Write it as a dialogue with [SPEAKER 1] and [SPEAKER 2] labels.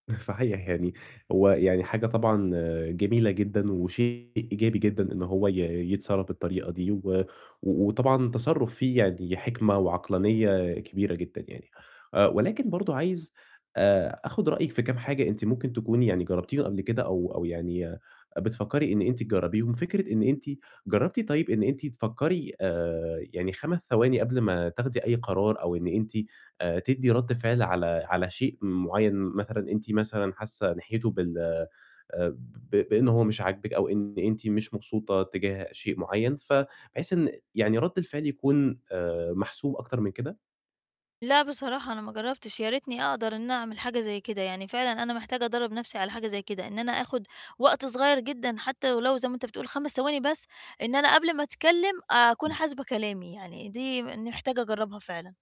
[SPEAKER 1] صحيح يعني هو يعني حاجة طبعًا جميلة جدًا وشيء إيجابي جدًا إن هو ي يتصرّف بالطريقة دي، و وطبعًا تصرُّف فيه يعني حِكمة وعقلانية كبيرة جدًا يعني، آآ، ولكن برضه عايز آآ آخُد رأيِِك في كام حاجة أنتِ ممكن تكوني يعني جرّبتيهم قبل كده أو أو يعني بتفكّري إن أنتِ تجرّبيهم، فكرة إن أنتِ جربتِ طيب إن أنتِ تفكّري آآ يعني 5 ثواني قبل ما تاخدي أي قرار، أو إن أنتِ آآ تدّي رَد فعل على على شيء مُعيّن مثلًا، أنتِ مثلًا حاسّة ناحيته بال آآ ب ب بإن هو مش عاجبِك أو إن أنتِ مش مبسوطة تِجاه شيء مُعيّن ف بحيث إن يعني رَد الفعل يكون آآ محسوب أكتر من كده؟
[SPEAKER 2] لأ، بصراحة، أنا ما جرّبتش يا ريتني أقدر إن أعمِل حاجة زي كده، يعني فعلًا أنا محتاجة أدرّب نَفْسي على حاجة زي كده، إن أنا آخد وقت صغيّر جدًا حتى ولو زي ما أنت بتقُول 5 ثواني بس. إن أنا قبل ما أتكلم أكون
[SPEAKER 1] امم.
[SPEAKER 2] حاسبة كلامي يعني، دي م إني محتاجة أجرّبها فعلًا.